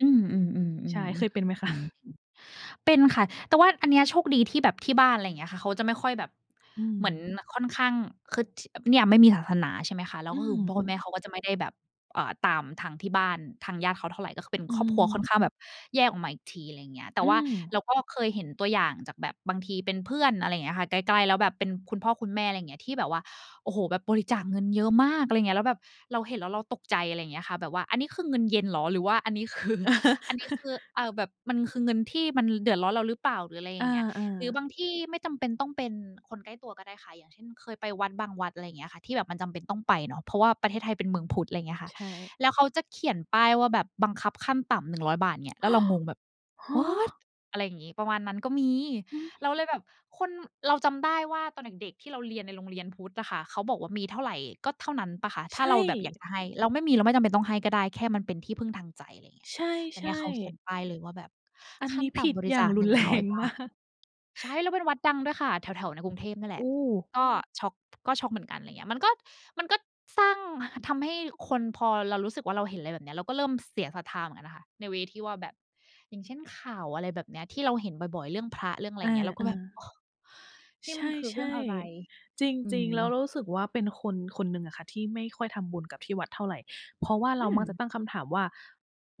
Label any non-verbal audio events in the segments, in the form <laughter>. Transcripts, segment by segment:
อืม ใช่ เคยๆ เป็ๆ นไหม ๆ คจะ? ริง ๆ เป็นค่ะ แต่ว่าอันเนี้ยโชคดีที่แบบที่บ้าน ไรเงี้ยค่ะ เขาจะไม่ค่อยแบบ อืเหมือนม ค่อนข้าง คือ ท เนี่ยไม่มีศาสนา ใช่ไหมคะ? แล้อืวก็คือ อคุณพ่ออืคุณแมม ่เขาก็จะไม่ได้แบบ เอ่อ ตามทางที่บ้าน ทางญาติเขาเท่าไร ก็คือเป็นอืครอบครัวค่อนม ข้าง แบบแยกออกมาอีกที ไรเงี้ย แตอ่ืว่าเม ราก็เคยเห็นตัวอย่างจาก แบบบางทีเป็นเพื่อน อะไรเงี้ยค่ะ ใกล้ ๆ แล้วแบบเป็นคุณพ่อคุณแม่ ไรเงี้ย ที่แบบว่า โอ้โฮ! แบบบริจาคเงินเยอะมาก อะไรเงี้ย แล้วแบบเราเห็น แล้วเราตกใจ อะไรเงี้ยค่ะ แบบว่าอันนี้คือเงินเย็นเหรอ หรือว่า อันนี้คือ อันนี้คือ <chuckles> อ่า แบบ มันคือเงินที่มันเดือดร้อนเราหรือเปล่า หรืออะไรออย่า างเงี้ย อหรือา บางที่ไม่จำเป็นต้องเป็นคนใกล้ตัวก็ได้ค่ะ อย่างเช่น เคยไปวัด บางวัด อะไรเงี้ยค่ะ ที่แบบมันจำเป็นต้องไปเนาะ เพราะว่าประเทศไทยเป็นเมืองพุทธ ไรเงี้ยค่ะ ใช่ แล้วเขาจะเขียนป้ายว่าแบบบังคับขั้นต่ำ 100 บาท เนี่ย แล้วเรางง แบบ ฮwhat ะ อะไรงี้ ประมาณนั้นก็มี ฮเึ ราเลยแบบคน เราจำได้ว่าตอนเด็ก ๆ ที่เราเรียนในโรงเรียนพุทธอะค่ะ เขาบอกว่ามีเท่าไร ก็เท่านั้นเปล่าคะ ถใช้า่ เราแบบอยากจะให้ เราไม่มี เราไม่จำเป็นต้องให้ก็ได้ แค่มันเป็นที่พึ่งทางใจ ไรเงี้ใย แต่ชเน่ ี่ยเขาเขีๆ ยนป้ายเลยว่า แบบอันขัน้ีน้ตผ่ิดำบรอิย่จาง าค รุหนึน่งแรร้อย งบมาาท ก ใช่ แล้วเป็นวัดดังด้วยค่ะ แถว ๆ ในกรุงเทพเนี่ยแหโลอะ ้ ก็ช็อก ก็ช็อกเหมือนกัน ไรเงี้ย มันก็ มันก็สร้าง ทำให้คน พอเรารู้สึกว่า เราเห็นอะไรแบบเนี้ย เราก็เริ่มเสียศรัทธาเหมือนกันค่ะ ใน เวย์ ที่ว่าแบบ อย่างเช่น ข่าว อะไรแบบเนี้ย ที่เราเห็นบ่อย ๆ เรื่องพระ เรื่องอะไอรา เงี้ย เราเกอ็อ แบบ โอ๊ะ นี่ใชมันคือเรื่อง่ อะไร ๆ จอืริง ๆ แล้วม เรารู้สึกว่าเป็นคนคนหนึ่งอะค่ะ ที่ไม่ค่อยทำบุญกับที่วัดเท่าไร เพราะว่าอเราืมักจะม ตั้งคำถามว่า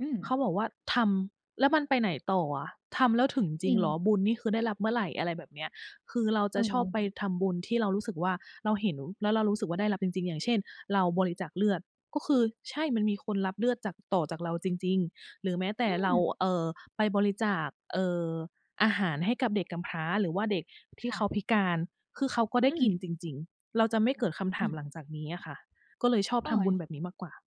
อืม เขาบอกว่าทำ แล้วมันไปไหนต่ออะ ทำแล้วถึงจจริริงเหรอ ง บุญนี่คือได้รับเมื่อไหร่ อะไรแบบเนี้ย คือเราจะชอบไเออ ปทำบุญที่เรารู้สึกว่า เราเห็น แล้วเรารู้สึกว่า ได้รับจริง ๆ อย่างเช่น เราบริจาคเลือดก็คือ ใช่มันมีคนรับเลือดจาก ต่อจากเราจริง ๆ หรือแม้แต่อืเรา ม เอ่อ ไปบริจาค เอ่อ อาหารให้กับเด็กกำพร้า หรือว่าเด็กทีค่่เขาะ พิการ คือเขาก็อไดื้กินม จริง ๆ เราจะไม่เกิดคำถอาืมม หลังจากนี้อะค่ะ ก็เลยชอบเฮ้ทำบุญย แบบนี้มากกว่า